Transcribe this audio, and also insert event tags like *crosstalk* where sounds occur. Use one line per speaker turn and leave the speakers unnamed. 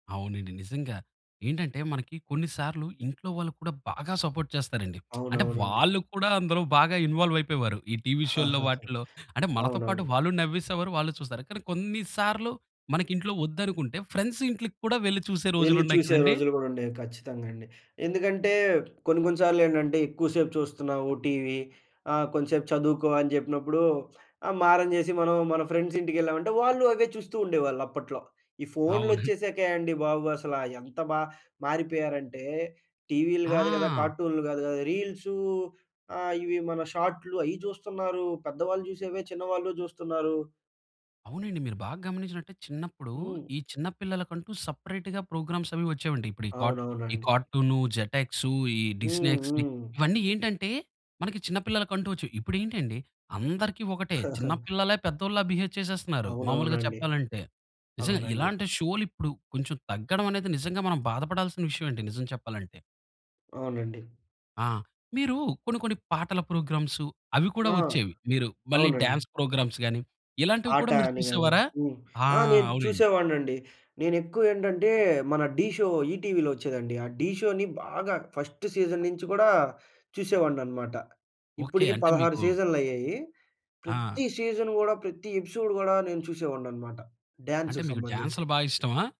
అవునండి. నిజంగా. ఏంటంటే, మనకి కొన్ని సార్లు ఇంట్లో వాళ్ళు కూడా బాగా సపోర్ట్ చేస్తారండి. *smacks lips* అంటే,
అవునవునండి.
వాళ్ళు కూడా అందులో బాగా ఇన్వాల్వయిపోయేవారు. ఈ టీవీ షోల్లో
*chuckles*
వాటిల్లో. అంటే, మనతో పాటు
అవునవును.
వాళ్ళు నవ్వేసేవారు, వాళ్ళు చూస్తారు, కానీ కొన్ని సార్లు మనకింట్లో ఒద్దనుకుంటే ఫ్రెండ్స్ ఇంటిలికి కూడా వెళ్లి చూసే
వెళ్లి
రోజులున్నాయి
చూసే
కదండీ?
రోజులు గూడుండేవి. ఖచ్చితంగండి. ఎందుకంటే, కొన్ని కొన్ని సార్లేంటంటే, ఎక్కువ సేపు చూస్తన్నావు టీవీ, ఆహ్, కొంచంసేపు చదువుకో అని జెప్పినప్పుడూ ఆహ్, మారం జేసి మనం మన ఫ్రెండ్సింటికెళ్ళామంటే వాళ్ళు అవే చూస్తూ ఉండేవాళ్ళు అప్పట్లో. ఈ
అవునా!
ఫోన్‌లోచ్చేశాకే అండి బాబు, అసల ఎంత బా మారిపోయారంటే, టీవీలు గాదు గదా,
ఆ!
కార్టూన్‌లు గాదు గదా, రీల్సూ ఆహ్, ఇవి మన షార్ట్‌లు అయి జూస్తన్నారు. పెద్దవాళ్ళు జూసేవే చిన్నవాళ్ళు జూస్తన్నారు.
అవునండి. మీరు బాగా గమనించినట్టయితే చిన్నప్పుడూ,
హ్మ్.
ఈ చిన్న పిల్లలకంటూ సపరేట్‌గా ప్రోగ్రామ్సవి వచ్చేవండి. ఇప్పుడు ఈ కార్ట్ ఈ
అవునవునండి.
కార్టూనూ, జటెక్సూ, ఈ డిస్నీ
హ్మ్,
ఎక్స్‌డీ,
హ్మ్.
ఇవన్నీ ఏంటంటే, మనకి చిన్న పిల్లలకంటూ ఒచ్చేయి. ఇప్పుడేంటండి, అందరికీ ఒకటే. చిన్న
*chuckles*
పిల్లలే పెద్దోళ్ళా బిహేవ్ చేసేస్తన్నారు, మాములుగా
అవునవునండి.
చెప్పాలంటే. నిజంగా.
అవునండి.
ఇలాంటి షోలిప్పుడు కొంచుం తగ్గడవనేది నిజంగా మనం బాధపడాల్సిన విషయవే అండి నిజం చెప్పాలంటే.
అవునండి.
ఆ! మీరూ కొన్ని కొన్ని పాటల ప్రోగ్రామ్సు, అవి కూడా
ఆ!
ఒచ్చేవి. మీరు మళ్ళీ
అవునండి.
డాన్స్ ప్రోగ్రామ్స్ గానీ, ఇలాంటివి
ఆట
కూడా మీరు
అని గానీ.
చూసేవారా?
హ్మ్.
ఆ!
ఆ! నేను
అవునండి.
చూసేవాడినండి. నేనెక్కువేంటంటే, మన ఢీ షో ఈటీలో ఒచ్చేదండి. ఆ ఢీ షోని బాగా ఫస్ట్ సీజన్ నించి గూడా చూసేవాడిననమాట.
ఓకే.
ఇప్పడుకి
అంటే
16
మీకు
సీజన్‌లయ్యాయి.
ఆ!
ప్రతి సీజన్ గూడా, ప్రతి ఎపిసోడ్ గూడా నేను చూసేవాడిననమాట,
అంటే,
డాన్సుకి
మీకు
సంబంధించి.
డాన్స్‌లు బా ఇష్టమా?